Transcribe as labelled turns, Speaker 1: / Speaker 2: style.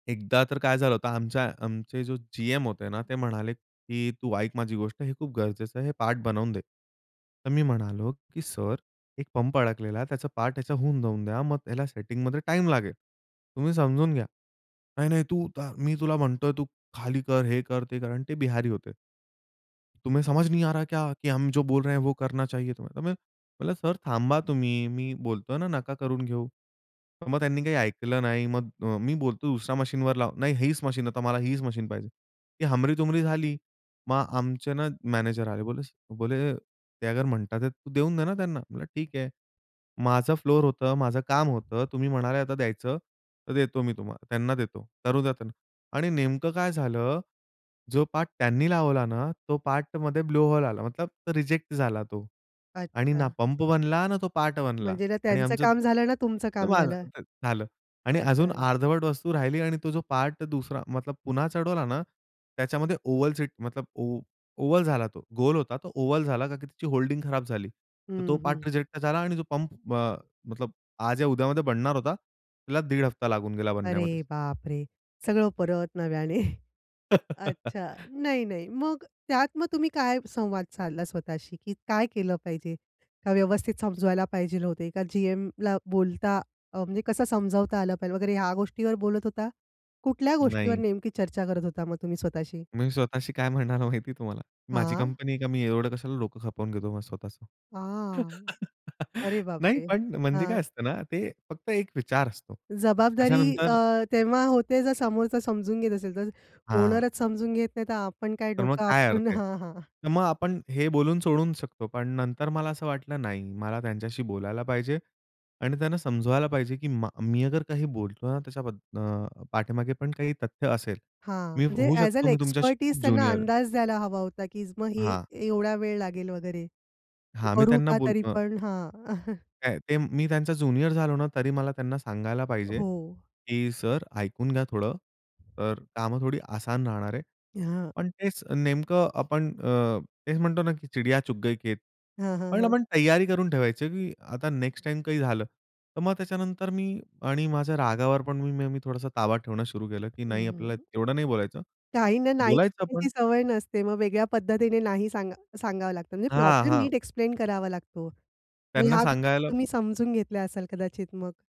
Speaker 1: एकदा तर काय झालं होतं आमच्या आमचे जो जीएम होते ना ते म्हणाले, की "तू ऐक माझी गोष्ट हे खूप गरजेचं आहे हे पार्ट बनवून दे." तर मी म्हणालो, "की सर एक पंप अडकलेला आहे, त्याचा पार्ट ह्याचा होऊन जाऊन द्या, मग त्याला सेटिंगमध्ये टाईम लागेल, तुम्ही समजून घ्या." "नाही, नाही तू ता मी तुला म्हणतोय, "तू खाली कर, हे कर, ते कर."आणि ते बिहारी होते. तुम्हे समझ नहीं आ रहा क्या की हम जो बोल रहे है, वो करना चाहिए तुम्हे. म्हणलं, "सर थांबा तुम्ही मी बोलतोय ना नका करून घेऊ." मग त्यांनी काही ऐकलं नाही मग अ, मी बोलतो, "दुसरा मशीनवर लाव." "नाही हीच मशीन, आता मला हीच मशीन पाहिजे." ही हमरी-तुमरी झाली. मग आमचे ना मॅनेजर आले. बोले स बोले "ते अगर म्हणतात, तू देऊन दे ना त्यांना." म्हणलं, "ठीक आहे." "माझं फ्लोर होतं, माझं काम होतं, तुम्ही म्हणाले आता द्यायचं तर देतो मी तुम्हाला त्यांना देतो करू द्या त्यांना." आणि नेमकं काय झालं, जो पार्ट त्यांनी लावला ना, तो पार्टमध्ये ब्लो होल आला, मतलब तो रिजेक्ट झाला तो आणि ना
Speaker 2: अच्छा.
Speaker 1: पंप बनला, ना तो पार्ट बनला
Speaker 2: म्हणजे ना
Speaker 1: आणि
Speaker 2: त्यांचं
Speaker 1: आमचं
Speaker 2: काम झालं ना, तुमचं
Speaker 1: जे
Speaker 2: काम
Speaker 1: माझ
Speaker 2: झालं.
Speaker 1: ते झालं आणि
Speaker 2: अच्छा
Speaker 1: अजून
Speaker 2: [unintelligible]
Speaker 1: अर्धवट वस्तू राहिली आणि तो जो पार्ट दुसरा, मतलब पुन्हा चढवला ना, त्याच्यामध्ये ओव्हल सीट मतलब ओ ओव्हल झाला तो. गोल होता तो ओव्हल झाला कारण की त्याची होल्डिंग खराब झाली. तर
Speaker 2: हं,
Speaker 1: तो
Speaker 2: हं.
Speaker 1: पार्ट रिजेक्ट झाला आणि जो पंप अ, मतलब आज या उद्यामध्ये बनणार होता, तिला 1.5 हफ्ता लागून गेला
Speaker 2: अरे
Speaker 1: बनण्यामध्ये.
Speaker 2: बापरे! सगळं परत नव्याने. अच्छा, नाही, नाही. मग त्यात मग तुम्ही काय संवाद साधला स्वतःशी, की काय केलं पाहिजे, का व्यवस्थित समजवायला पाहिजे होते, का जीएमला बोलता अ, म्हणजे कसं समजावता आलं पाहिजे वगैरे ह्या गोष्टीवर बोलत होता. कुठल्या गोष्टीवर
Speaker 1: नाही.
Speaker 2: नेमकी चर्चा करत होता मग तुम्ही स्वतःशी?
Speaker 1: मी स्वतःशी काय म्हणालो माहिती तुम्हाला? "माझी
Speaker 2: हां.
Speaker 1: कंपनी आहे का मी एवढं कशाला डोकं खपवून घेतो मग स्वतःचं?"
Speaker 2: आह! अरे
Speaker 1: नाही
Speaker 2: बापरे!
Speaker 1: पण म्हणजे
Speaker 2: हां.
Speaker 1: काय असतं ना, ते फक्त एक विचार असतो.
Speaker 2: जबाबदारी
Speaker 1: त्याच्यानंतर
Speaker 2: अ, तेव्हा होते जर समोरचा समजून घेत असेल तर.
Speaker 1: हां.
Speaker 2: ओनरचं समजून घेत नाही तर आपण काय
Speaker 1: तर मग
Speaker 2: डोक
Speaker 1: काय अर्थ
Speaker 2: आपटून
Speaker 1: आहे.
Speaker 2: हां, हां.
Speaker 1: तर मग आपण हे बोलून सोडू शकतो. पण नंतर मला असं वाटलं नाही, मला त्यांच्याशी बोलायला पाहिजे आणि त्यांना समजवायला पाहिजे की मा मी अगर काही बोलतो ना त्याच्याबद्द अ, पाठीमागे पण काही तथ्य असेल.
Speaker 2: हां,
Speaker 1: मी
Speaker 2: म्हणजे
Speaker 1: होऊ
Speaker 2: अ‍ॅज अ‍ॅन
Speaker 1: शकतो मी तुमच्याशी खूप
Speaker 2: एक्स्पर्टीज त्यांना
Speaker 1: ज्युनियर आहे.
Speaker 2: अंदाज द्यायला हवा होता, की मग हे
Speaker 1: हां.
Speaker 2: एवढा वेळ लागेल वगैरे.
Speaker 1: हां, मी
Speaker 2: करू
Speaker 1: त्यांना
Speaker 2: का
Speaker 1: बोल
Speaker 2: तरी
Speaker 1: अ
Speaker 2: पण हां.
Speaker 1: काय ते मी त्यांचा ज्युनियर झालो ना, तरी मला त्यांना सांगायला पाहिजे,
Speaker 2: हो.
Speaker 1: की "सर ऐकून घ्या थोडं, तर कामं थोडी आसान राहणार आहे."
Speaker 2: हां.
Speaker 1: पण तेच नेमकं आपण अ, तेच म्हणतो ना की "चिडिया चुग गई खेत."
Speaker 2: हां, हां,
Speaker 1: पण
Speaker 2: हां.
Speaker 1: आपण तयारी करून ठेवायची की आता नेक्स्ट टाईम काही झालं, तर मग त्याच्यानंतर मी आणि माझ्या रागावर पण मग मी थोडासा ताबा ठेवणं सुरू केलं, की नाही
Speaker 2: हं,
Speaker 1: आपल्याला
Speaker 2: हं.
Speaker 1: तेवढं नाही बोलायचं.
Speaker 2: काहींना नाही
Speaker 1: बोलायचं पण
Speaker 2: ऐकायची सवय नसते. मग वेगळ्या पद्धतीने नाही सांगा सांगावं लागतं, म्हणजे
Speaker 1: हां,
Speaker 2: प्रॉब्लेम
Speaker 1: हां.
Speaker 2: नीट एक्सप्लेन करावा लागतो. मग
Speaker 1: त्यांना
Speaker 2: ह्या गोष्टी
Speaker 1: सांगायला
Speaker 2: तुम्ही समजून घेतल्या असाल कदाचित मग?